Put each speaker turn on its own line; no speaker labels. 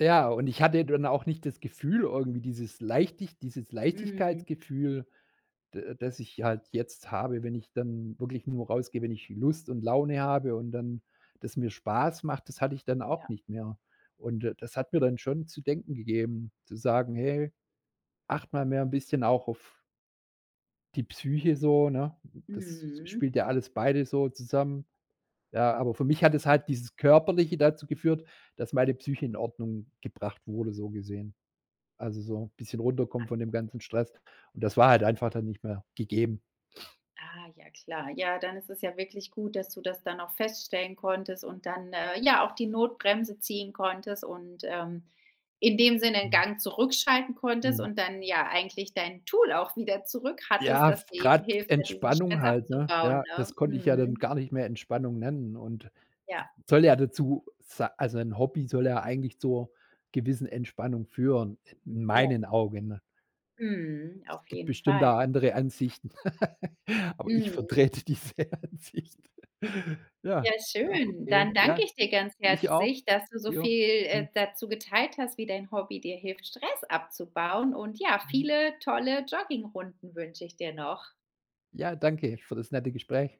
Ja, und ich hatte dann auch nicht das Gefühl irgendwie, dieses Leichtig dieses
Mhm.
Leichtigkeitsgefühl, da das ich halt jetzt habe, wenn ich dann wirklich nur rausgehe, wenn ich Lust und Laune habe und dann das mir Spaß macht. Das hatte ich dann auch
Ja.
nicht mehr. Und da das hat mir dann schon zu denken gegeben, zu sagen: „Hey, achte mal mehr 'n bisschen auch auf die Psyche so," ne? Das
Mhm.
spielt ja alles beide so zusammen. Ja, aber für mich hat es halt dieses Körperliche dazu geführt, dass meine Psyche in Ordnung gebracht wurde, so gesehen. Also, so bisschen runterkommen von dem ganzen Stress. Und das war halt einfach dann nicht mehr gegeben.
Ah, ja klar. Ja, dann ist es ja wirklich gut, dass du das dann noch feststellen konntest und dann, äh ja, auch die Notbremse ziehen konntest und, ähm, in dem Sinne 'n
Mhm.
Gang zurückschalten konntest
Mhm.
und dann, ja, eigentlich dein Tool auch wieder zurück hattest,
Ja,
das dir eben
grad
hilft, da diesen
Entspannung
Stress
halt, ne? Ja,
abzubauen, ne?
das konnte ich ja dann
Mhm.
gar nicht mehr Entspannung nennen. Und
Ja.
soll ja dazu sa also ein Hobby soll ja eigentlich zur gewissen Entspannung führen, in
Ja.
meinen Augen.
Mhm. Auf
Gibt
jeden
bestimmt
Fall.
a andere Ansichten. Aber ich
Mhm.
vertrete diese Ansicht. Ja,
Ja,
doch,
schön.
eh,
Dann
ja.
danke ich dir ganz
Ich auch.
herzlich, dass du so
Ja.
viel, äh,
Ja.
dazu geteilt hast, wie dein Hobby dir hilft, Stress abzubauen und ja,
Mhm.
viele tolle Joggingrunden wünsche ich dir noch.
Ja, danke für das nette Gespräch.